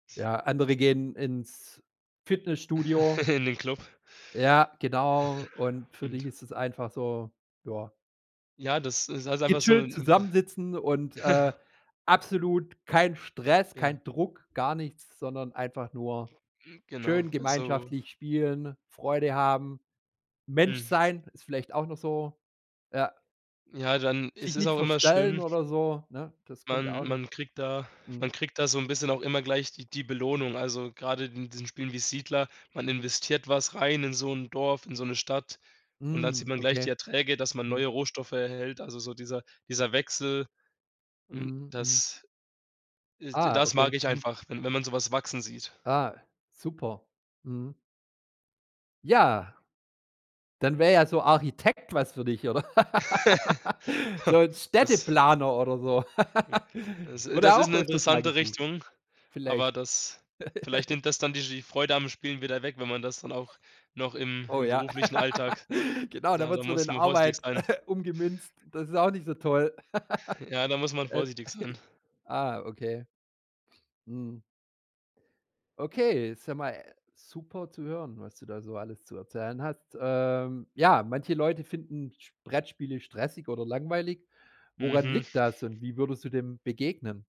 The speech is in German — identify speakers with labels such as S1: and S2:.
S1: Ja, andere gehen ins Fitnessstudio.
S2: In den Klub.
S1: Ja, genau. Und für dich
S2: Und
S1: ist es einfach so, ja
S2: Ja, das ist halt einfach so
S1: gechillt
S2: 'ne
S1: zusammensitzen und, äh, absolut kein Stress,
S2: Ja.
S1: kein Druck, gar nichts, sondern einfach nur
S2: Mm. Genau,
S1: schön
S2: so
S1: gemeinschaftlich spielen, Freude haben, Mensch
S2: Hm.
S1: sein, ist vielleicht auch noch so, ja.
S2: Ja, dann ist
S1: Sich
S2: es
S1: nicht
S2: auch immer
S1: verstellen
S2: schön
S1: oder so, ne? Das kommt ja
S2: man
S1: auch noch
S2: man kriegt da
S1: Mhm.
S2: man kriegt da so 'n bisschen auch immer gleich die die Belohnung. Also, grade in diesen Spielen wie Siedler, man investiert was rein in so 'n Dorf, in so 'ne Stadt und dann sieht
S1: Hm,
S2: man gleich die
S1: okay.
S2: Erträge, dass man
S1: Mhm.
S2: neue Rohstoffe erhält. Also so dieser dieser Wechsel. Und
S1: Mhm, mhm.
S2: das äh, d
S1: Ah,
S2: das mag
S1: okay.
S2: ich
S1: Mhm.
S2: einfach, wenn wenn man so was wachsen sieht.
S1: Ah, super. Mhm. Ja. Dann wäre ja so Architekt was für dich, oder? So 'n
S2: Das
S1: Städteplaner oder so.
S2: hm, das
S1: Wurde
S2: das ist
S1: auch
S2: 'ne
S1: öfters mal
S2: interessante
S1: gesucht.
S2: Richtung,
S1: Vielleicht.
S2: aber das vielleicht nimmt das dann dir die Freude am Spielen wieder weg, wenn man das dann auch noch im
S1: Oh
S2: im
S1: ja.
S2: beruflichen Alltag
S1: Genau, da
S2: da da
S1: wird's von
S2: muss
S1: den
S2: man vorsichtig
S1: Arbeit
S2: sein.
S1: umgemünzt. Das ist auch nicht so toll.
S2: Ja, da muss man
S1: Äh.
S2: vorsichtig sein.
S1: Ah, okay. Mhm. Okay. Ist ja mal, äh, super zu hören, was du da so alles zu erzählen hast. Ähm, ja, manche Leute finden Sp Brettspiele stressig oder langweilig. Woran
S2: Mhm.
S1: liegt das und wie würdest du dem begegnen?